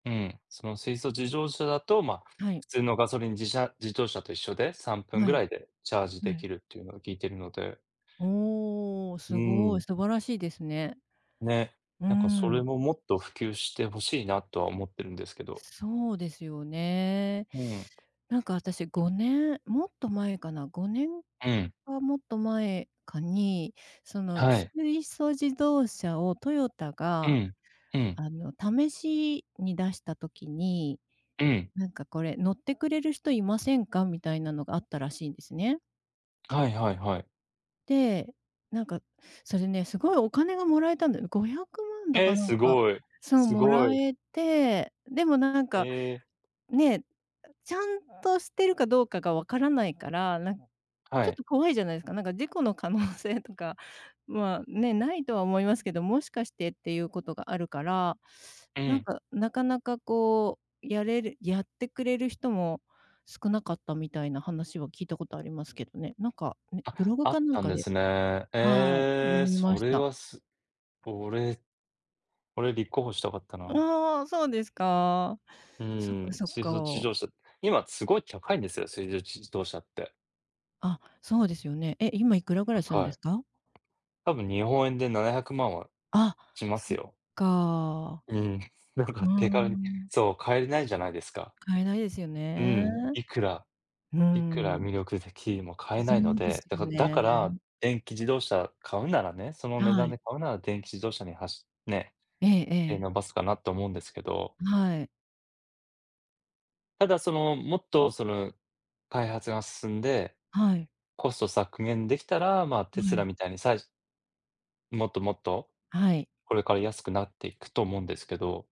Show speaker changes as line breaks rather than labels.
うん、その水素自動車だと、まあ、
はい。
普通のガソリンじしゃ自動車と一緒で、3分
は
ぐら
い。
いでチャージで
は
き
い。
るっていうのを聞いているので。
おお、
う
す
ー
ごい。
ん。
素晴らしいですね。
ね。
うー
なんか、それ
ん。
も、もっと普及して欲しいなとは思っているんですけど。
そうですよね。
うん。
なんか、私、5年もっと前かな、5年
うん。
かもっと前かに、その
はい。
水素自動車をトヨタ
う
が、
ん。うん。
あの、試しに出した時に、
うん。
なんか、これ乗ってくれる人いませんか。みたいなのがあったらしいんですね。
はいはいはい。
で、なんか、それね、すごいお金がもらえたんだよ。500万だか
え、
なん
す
か、
ごい。
そう、
すご
貰
い。
えて、でも、なんか。
ええ。
ね、ちゃんとしてるかどうかが分からないから、なんち
は
ょっ
い。
と、怖いじゃないですか、なんか、事故の可能性とか、まあ、ね、無いとは思いますけど、もしかして、っていうことがあるから、
う
なん
ん。
か、なかなか、こう、やれるやってくれる人も、少なかったみたいな話は聞いたことありますけどね。なんか、ね、ブ
あ、
ログ
あっ
かなん
たん
か
で
で
すね。
はい、
え
読
え、
みま
そ
し
れ
た。
は、す俺、俺、立候補したかった
う
な。
お、そうですか。
う
そっ
ー
か、
ん、
そっ
水素自
か。
動車、今、すごい高いんですよ、水素自動車って。
あ、そうですよね。え、今いくらぐらいするん
高
で
い。
すか？
多分、日本円で700万は
あ、
しま
そ
す
っ
よ。
か。
うーん。なん
う
か、
んう
手
んう
軽に。
ん。
そう、かえれないじゃないですか。
買えないですよ
うー
ね。
ん、いくら、
うー
いくら
ん。
魅力的でも、買え
そ
ないの
うです
で、だ
よ
か、だ
ね。
から、電気自動車買うならね、その値
は
段
い。
で買うなら、電気自動車にはしね。
ええ
手
ええ。
のばすかなと思うんですけど。
はい。
ただ、その、もっと、そぬ、開発が進んで、
はい。
コスト削減できたら、まあ、テ
は
ス
い。
ラみたいに、さいもっともっと、
はい。
これから安くなっていくと思うんですけど。